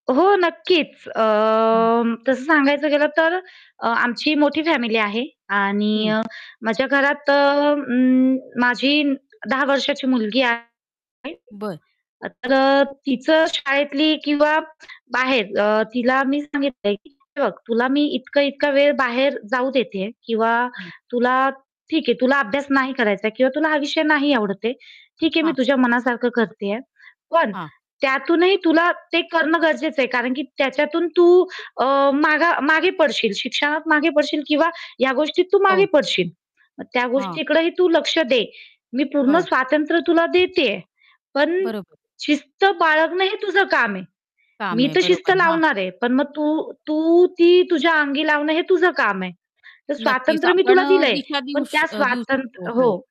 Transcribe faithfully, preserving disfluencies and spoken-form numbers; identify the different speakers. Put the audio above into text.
Speaker 1: हो. नक्कीच.
Speaker 2: हं.
Speaker 1: अं, तस सांगायचं गेलं तर अ, आमची मोठी फॅमिली आहे आणि
Speaker 2: हं.
Speaker 1: माझ्या घरात अ, उम्म, माझी दहा वर्षाची मुलगी आहे.
Speaker 2: बरं.
Speaker 1: तर अ, तीच शाळेतली किंवा बाहेर अ, तिला मी सांगितल की "हे बघ तुला मी इतका-इतका वेळ बाहेर जाऊ देते किंवा
Speaker 2: हं.
Speaker 1: तुला ठीक आहे, तुला अभ्यास नाही करायचा आहे किंवा तुला हा विषय नाही आवडत आहे. ठीक आहे मी
Speaker 2: हां.
Speaker 1: तुझ्या मनासारख करतेय. पण
Speaker 2: हां.
Speaker 1: त्या त्यातूनही तुला ते करणं गरजेच आहे, कारण की त्याच्यातून तू अ, माग मागे पडशील. शिक्षणात मागे पडशील किंवा या गोष्टीत तू मागे
Speaker 2: हो.
Speaker 1: पडशील, मग त्या
Speaker 2: हां.
Speaker 1: गोष्टीकडेही तू लक्ष दे. मी पूर्ण
Speaker 2: हो.
Speaker 1: स्वातंत्र्य तुला देतेय. पण
Speaker 2: बरोबर.
Speaker 1: शिस्त बाळगण हे तुझ काम आहे,
Speaker 2: काम
Speaker 1: मी
Speaker 2: आहे.
Speaker 1: तर शिस्त
Speaker 2: बरोबर. हां.
Speaker 1: लावणार आहे, पण मग तू तू ती तुझ्या अंगी लावण हे तुझ काम आहे, तर
Speaker 2: नक्कीच.
Speaker 1: स्वातंत्र्य मी
Speaker 2: आपण
Speaker 1: तुला
Speaker 2: अ,
Speaker 1: दिलय,
Speaker 2: दिशा देऊ
Speaker 1: पण
Speaker 2: श
Speaker 1: त्या
Speaker 2: अ, देऊ
Speaker 1: स्वातंत्र्य"
Speaker 2: शकतो
Speaker 1: हो.
Speaker 2: हो